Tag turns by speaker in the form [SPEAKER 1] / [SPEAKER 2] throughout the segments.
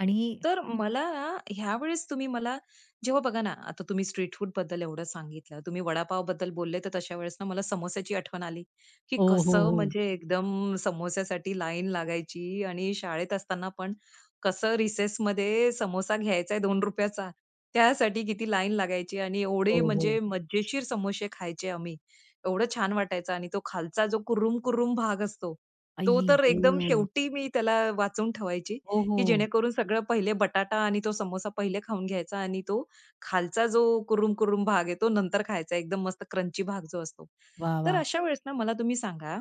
[SPEAKER 1] आणि
[SPEAKER 2] तर मला ना, ह्यावेळेस तुम्ही मला जेव्हा बघा ना, आता तुम्ही स्ट्रीट फूडबद्दल एवढं सांगितलं, तुम्ही वडापावबद्दल बोलले, तर तशा वेळेस ना, मला समोस्याची आठवण आली, की
[SPEAKER 1] हो, हो,
[SPEAKER 2] कसं
[SPEAKER 1] हो.
[SPEAKER 2] म्हणजे एकदम समोस्यासाठी लाईन लागायची. आणि शाळेत असताना पण कसं रिसेसमध्ये समोसा घ्यायचाय ₹2चा, त्यासाठी किती लाईन लागायची आणि
[SPEAKER 1] हो,
[SPEAKER 2] एवढे म्हणजे
[SPEAKER 1] हो.
[SPEAKER 2] मजेशीर समोसे खायचे आम्ही. एवढं छान वाटायचं आणि तो खालचा जो कुरुमकुरुम भाग असतो तो
[SPEAKER 1] आई
[SPEAKER 2] तर एकदम
[SPEAKER 1] ग!
[SPEAKER 2] शेवटी मी त्याला वाचून ठेवायची,
[SPEAKER 1] हो,
[SPEAKER 2] की
[SPEAKER 1] हो.
[SPEAKER 2] जेणेकरून सगळं पहिले बटाटा आणि तो समोसा पहिले खाऊन घ्यायचा आणि तो खालचा जो कुरुम, कुरुम भाग आहे, तो नंतर खायचा एकदम मस्त क्रंची भाग जो असतो.
[SPEAKER 1] वाह,
[SPEAKER 2] तर
[SPEAKER 1] वाह!
[SPEAKER 2] अशा वेळेस ना मला तुम्ही सांगा,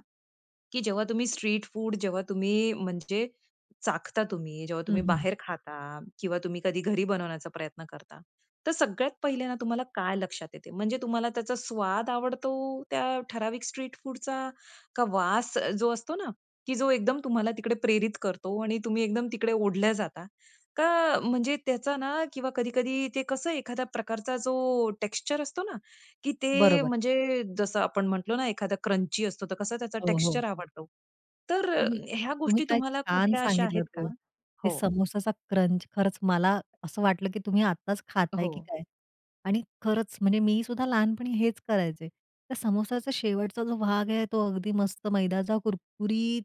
[SPEAKER 2] की जेव्हा तुम्ही स्ट्रीट फूड जेव्हा तुम्ही म्हणजे चाखता तुम्ही, जेव्हा
[SPEAKER 1] हं,
[SPEAKER 2] तुम्ही
[SPEAKER 1] हं.
[SPEAKER 2] बाहेर खाता किंवा तुम्ही कधी घरी बनवण्याचा प्रयत्न करता? तर सगळ्यात पहिल्यांदा तुम्हाला काय लक्षात येते. म्हणजे तुम्हाला त्याचा स्वाद आवडतो, त्या ठराविक स्ट्रीट फूडचा का वास अ, जो असतो ना, की जो एकदम तुम्हाला तिकडे प्रेरित करतो आणि तुम्ही एकदम तिकडे ओढल्या जाता, का म्हणजे त्याचा ना किंवा कधी-कधी ते कसं एखाद्या प्रकारचा जो टेक्स्चर असतो ना, की ते
[SPEAKER 1] बरोबर.
[SPEAKER 2] म्हणजे जसं आपण म्हंटलो ना, एखादा क्रंची असतो. तर कसं त्याचा
[SPEAKER 1] हो, हो.
[SPEAKER 2] टेक्स्चर आवडतो. तर अ,
[SPEAKER 1] तुम्ही,
[SPEAKER 2] ह्या
[SPEAKER 1] तुम्ही
[SPEAKER 2] गोष्टी
[SPEAKER 1] काय
[SPEAKER 2] तुम्हाला
[SPEAKER 1] छान
[SPEAKER 2] कुठल्या अशा
[SPEAKER 1] सांगितलंत
[SPEAKER 2] आहेत का?
[SPEAKER 1] हो, ते
[SPEAKER 2] हो.
[SPEAKER 1] समोसाचा क्रंच खरंच मला असं वाटलं, की तुम्ही आत्ताच खाताय की
[SPEAKER 2] हो.
[SPEAKER 1] काय आणि खरंच म्हणजे मी सुद्धा लहानपणी हेच करायचे. त्या सामोस्याचा शेवटचा जो भाग आहे तो अगदी मस्त मैदाचा कुरकुरीत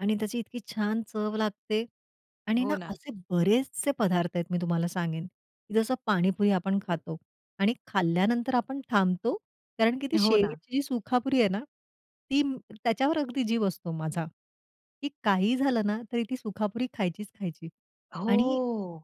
[SPEAKER 1] आणि त्याची इतकी छान चव लागते आणि ना,
[SPEAKER 2] हो ना.
[SPEAKER 1] असे बरेचसे पदार्थ आहेत मी तुम्हाला सांगेन, की जसं पाणीपुरी आपण खातो आणि खाल्ल्यानंतर आपण थांबतो. कारण की ती
[SPEAKER 2] हो ना.
[SPEAKER 1] शेवटची जी सुकापुरी आहे ना, ती त्याच्यावर अगदी जीव असतो माझा, की काहीही झालं ना तरी ती सुकापुरी खायचीच खायची. आणि
[SPEAKER 2] हो.